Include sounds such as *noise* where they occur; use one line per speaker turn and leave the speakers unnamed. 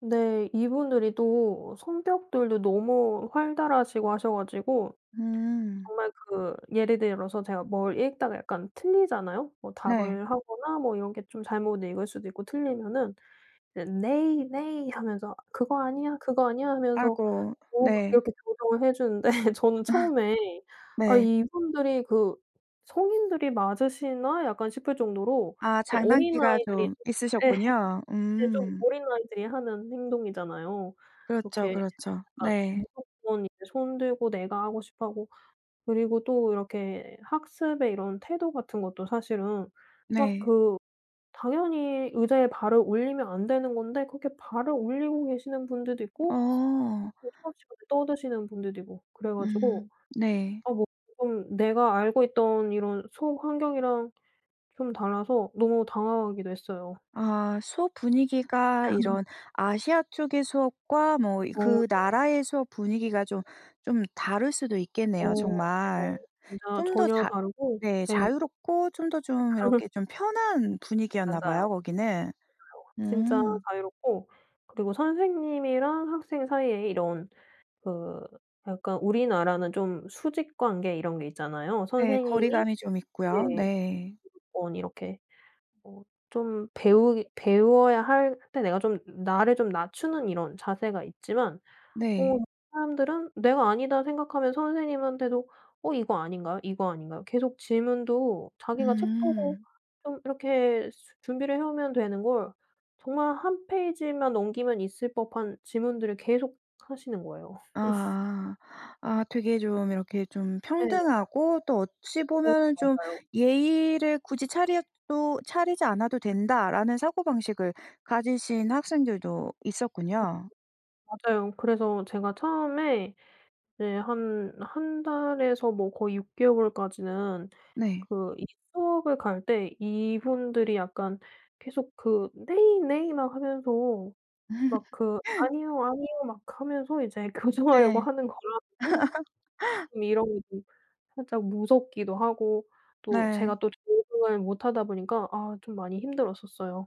네. 이분들이 또 성격들도 너무 활달하시고 하셔 가지고
음.
정말 그 예를 들어서 제가 뭘 읽다가 약간 틀리잖아요. 뭐
네.
답을 하거나 뭐 이런 게 좀 잘못 읽을 수도 있고 틀리면은 이제 "Nay, nay." 하면서 "그거 아니야, 그거 아니야." 하면서
아이고.
뭐
네.
이렇게 조정을 해 주는데 저는 처음에
*laughs*
'아
네.
이분들이 그 성인들이 맞으시나?' 약간 싶을 정도로
아.
예 어린
장난기가
아이들이
좀
예
있으셨군요.
근데 좀
음.
어린 아이들이 하는 행동이잖아요.
그렇죠,
이렇게
그렇죠.
약간
네.
무조건 이제 손 들고 내가 하고 싶어하고 그리고 또 이렇게 학습의 이런 태도 같은 것도 사실은 막
네.
그 당연히 의자에 발을 올리면 안 되는 건데 그렇게 발을 올리고 계시는 분들도 있고
어.
수업 시간에 떠드시는 분들도 있고 그래 가지고
음. 네.
아 뭐 지금 내가 알고 있던 이런 수업 환경이랑 좀 달라서 너무 당황하기도 했어요.
아. 수업 분위기가
*laughs*
이런 아시아 쪽의 수업과 뭐
어.
그
네.
나라의 수업 분위기가 좀 좀 다를 수도
어
있겠네요 정말.
맞아요. 진짜
좀 더
전혀
자
다르고
네
네.
자유롭고 좀 더 좀
*laughs*
이렇게 좀 편한 분위기였나
맞아요.
봐요 거기는.
진짜
음.
자유롭고 그리고 선생님이랑 학생 사이에 이런 그 약간 우리나라는 좀 수직 관계 이런 게 있잖아요.
네.
선생님이
거리감이 좀 있고요.
네.
네.
어 이렇게 어 좀 배우기 배워야 할 때 내가 좀 나를 좀 낮추는 이런 자세가 있지만 어
네.
사람들은 내가 아니다 생각하면 선생님한테도 "어 이거 아닌가요? 이거 아닌가요?" 계속 질문도 자기가 책 보고
음.
좀 이렇게 수 준비를 해오면 되는 걸 정말 한 페이지만 넘기면 있을 법한 질문들을 계속 하시는 거예요. *laughs*
아. 아 되게 좀 이렇게 좀
네.
평등하고 또 어찌
어
보면은 좀
맞아요.
'예의를 굳이 차려도 차리지 않아도 된다.'라는 사고방식을 가지신 학생들도
*unintelligible*
있었군요.
맞아요. 그래서 제가 처음에 이제 한 1 달에서 뭐 거의 6 개월까지는
네.
그 이 수업을 갈 때 이분들이 약간 계속 그 "Nay, nay." 막 하면서 막 그
*laughs*
"아니요, 아니요." 막 하면서 이제 교정하려고
네.
하는 거랑
*laughs*
이런 게 좀 살짝 무섭기도 하고 또
네.
제가 또 적응을 못 하다 보니까 아 좀 많이 힘들었었어요.